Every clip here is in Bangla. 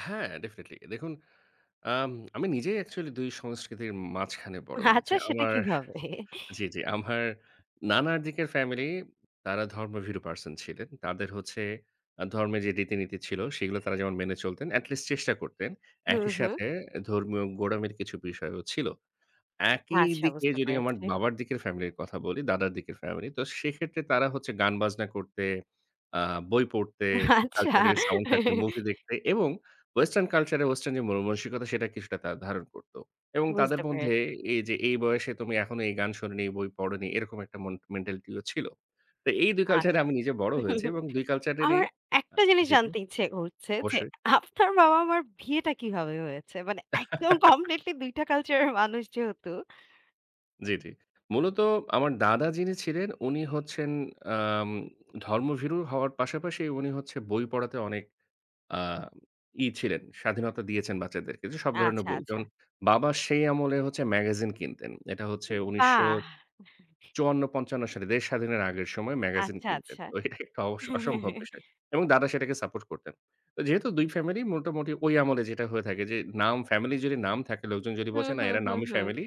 হ্যাঁ, ডেফিনিটলি দেখুন আম আমি নিজেই অ্যাকচুয়ালি ২ সংস্কৃতির মাঝখানে বড় হয়েছি। আচ্ছা, সেটা আমার কিভাবে? জী, জী আমার নানার দিকের ফ্যামিলি তারা ধর্মভীরু পারসন ছিলেন। তাদের হচ্ছে আ ধর্মের যে রীতিনীতি ছিল, সেইগুলা তারা যেমন মেনে চলতেন, এট লিস্ট চেষ্টা করতেন। হুম, একই হুম। সাথে এ ধর্মীয় গোঁড়ামির কিছু বিষয়ও ছিল। একই আচ্ছা, দিকে বুঝতে যদি আমার পেরেছি। বাবার দিকের ফ্যামিলির কথা বলি, দাদার দিকের ফ্যামিলি। তো সেক্ষেত্রে তারা হচ্ছে গান বাজনা করতে, আ বই পড়তে, আচ্ছা। কালচার এর সাউন্ড থাকতে, মুভি দেখতে, এবং ওয়েসটার্ন কালচারের ওয়েসটার্ন যে মনমানসিকতা, সেটা কিছুটা তারা ধারণ করত, এবং তাদের বুঝতে পেরে মধ্যে, এই যে, "এই বয়সে, তুমি এখনো এই গান শোননি, এই বই পড়োনি।" এরকম একটা মন মেন্টালিটি ও ছিল। তো এই ২ কালচার এ আচ্ছা, আমি নিজে বড় হয়েছি এবং ২ কালচার এরই আমার আ একটা জিনিস জি, জি জানতে ইচ্ছে হচ্ছে যে, বসে আপনার বাবা-মার বিয়েটা কিভাবে হয়েছে? মানে একদম কমপ্লিটলি ২ টা কালচার এর মানুষ যেহেতু! জী, জী। মূলত আমার দাদা যিনি ছিলেন, উনি হচ্ছেন আম ধর্মভীরু হওয়ার পাশাপাশি উনি হচ্ছে বই পড়াতে অনেক আ ই ছিলেন। স্বাধীনতা দিয়েছেন, বাচ্চাদেরকে যে সব ধরনের আচ্ছা, বই। আচ্ছা। যেমন, বাবা সেই আমলে হচ্ছে ম্যাগাজিন কিনতেন। এটা হচ্ছে উ উনিশশো বাহ! চুয়ান্ন থেকে পঞ্চান্ন সালে দেশ স্বাধীনের আগের সময়ে ম্যাগাজিন আচ্ছা, কিনতেন। আচ্ছা। তো এটা একটা অসম্ভব বিষয়, এবং দাদা সেটাকে সাপোর্ট করতেন। তো যেহেতু ২ ফ্যামিলি মোটামুটি ওই আমলে যেটা হয়ে থাকে যে নাম, ফ্যামিলির যদি নাম থাকে। লোকজন যদি হুম, বলছে, "না, হুম, এরা হুম, নামী হুম। ফ্যামিলি।"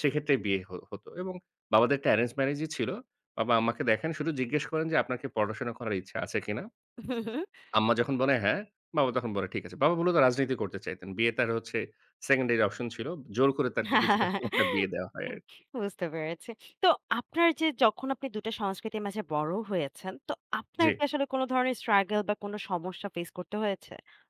সেক্ষেত্রে বিয়ে হো হত এবং বাবাদের টা অ্যারেঞ্জ ম্যারেজ ই ছিল। বাবা আম্মাকে দেখেন শুধু জিজ্ঞেস করেন যে, "আপনার কি পড়াশোনা করার ইচ্ছা আছে কিনা? হুম, হুম। আম্মা যখন বলে, "হ্যাঁ।" বাবা তখন বলে, "ঠিক আছে।" বাবা মুলত রাজনীতি করতে চাইতেন। বিয়ে তার হচ্ছে সেকেন্ডারি অপশন ছিল। জোর করে তাকে কিছুটা [unintelligible] বিয়ে দেওয়া হয় উ আরকি। বুঝতে পেরেছি। তো আপনার যে যখন আপনি ২ টা সংস্কৃতির মাঝে বড় হয়েছেন, তো আপনার জী। কি আসলে কোন ধরনের স্ট্রাগল বা কোন সমস্যা ফেস করতে হয়েছে?